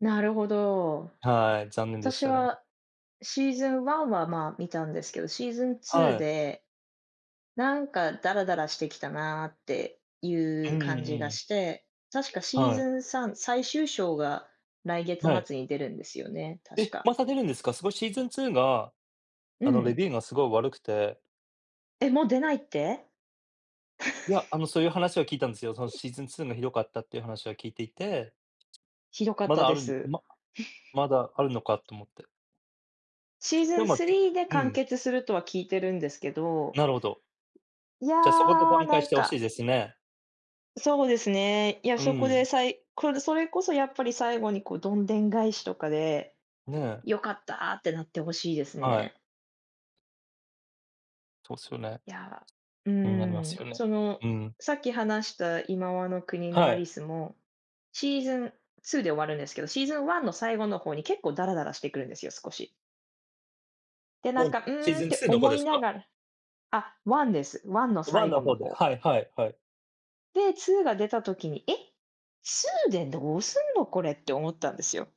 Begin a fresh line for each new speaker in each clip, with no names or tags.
なるほど。
はい、残念でし
私
たね。
はシーズン1は、ま、見たんですけど、シーズンツ
は
ー
い。
でなんかダラダラしてきたなってい
うん
う
うん
感じが
うん。
して、確かシー
は
ズ
い。
ン3、最終章が来月
はい。
末に出るんですよね、確
え、
か。
また出るんですか？すごいシーズン2が、
う
あの、レ
ん。
ビューがすごい悪くて。
え、もう出ないって？
いや、あの、そういう話は聞いたんですよ。その シーズン2がひどかったっていう話は聞いていて。
ひどかっ
ま
た
だあ
で
るんで
す。
ま まだあるのかと思って。
シーズ
で、
ン
ま
3で
う
完
ん。
結するとは聞いてるんですけど。
なるほど。
いや、
じゃ、そこで挽
な
回し
ん
て欲しい
か
ですね。
そうですね。いや、
う
そこ
ー
で
ん。
さいこるそれこそやっぱり最後に、こ、どんでん返しとかで、
ねえ。
よかったってなってほしいです
はい。
ね。
そうっすよね。
いや、う
になりま
ー
すよ
ん、
ね。
その、
うん。
さっき話した、いまわの国の
は
アリ
い。
スも、シーズン2で終わるんですけど、シーズン1の最後の方に結構ダラダラしてくるんですよ少し。で、なん
うん、
か、う
シー
ーんっ
ズン
て
2っの方
思
で
い
す
な
か？
がらあ、1です、1の
1
最
の
後の
方で、
方。
はいはいはい。
で、2が出た時に、え、2でどうすんのこれって思ったんですよ。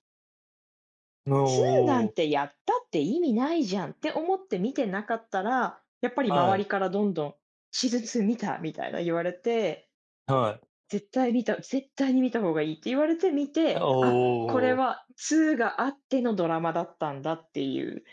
なおお
2な
お
ん
お。
てやったって意味ないじゃんって思って見てなかったら、やっぱり
は
周
い。
りからどんどん「シーズン2見た？」みたいな言われて、
はい。
絶対見た絶対に見たほうがいいって言われて見
あ、
て、
おお
あ、こ
お
れ
お。
は2があってのドラマだったんだっていう。